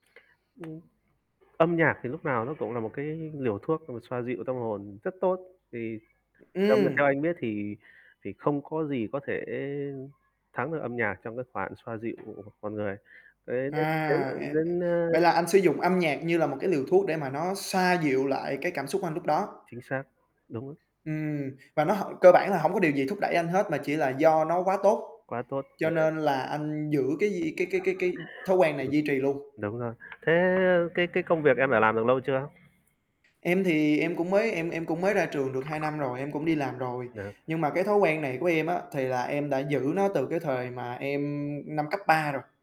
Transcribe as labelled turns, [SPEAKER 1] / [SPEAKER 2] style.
[SPEAKER 1] Ừm. Âm nhạc thì lúc nào nó cũng là một cái liều thuốc mà xoa dịu tâm hồn rất tốt thì theo m theo
[SPEAKER 2] Ừm.
[SPEAKER 1] anh biết thì thì không có gì có thể thắng được âm nhạc trong cái khoản xoa dịu con người, [unintelligible] đến,
[SPEAKER 2] À,
[SPEAKER 1] ờ,
[SPEAKER 2] e
[SPEAKER 1] đến, a
[SPEAKER 2] vậy là anh sử dụng âm nhạc như là một cái liều thuốc để mà nó xoa dịu lại cái cảm xúc anh lúc đó.
[SPEAKER 1] Chính xác, đúng.
[SPEAKER 2] Ừm. Và nó h cơ bản là hổng có điều gì thúc đẩy anh hết mà chỉ là do nó quá tốt,
[SPEAKER 1] Quá tốt,
[SPEAKER 2] cho
[SPEAKER 1] [unintelligible]
[SPEAKER 2] nên là anh giữ cái gì cái cái cái cái thói quen này duy trì luôn.
[SPEAKER 1] Đúng rồi, thế cái cái công việc em đã làm được lâu chưa?
[SPEAKER 2] Em thì em cũng mới em em cũng mới ra trường được 2 năm rồi, em cũng đi làm rồi,
[SPEAKER 1] [unintelligible]
[SPEAKER 2] nhưng mà cái thói quen này của em á, thì là em đã giữ nó từ cái thời mà em năm cấp 3 rồi.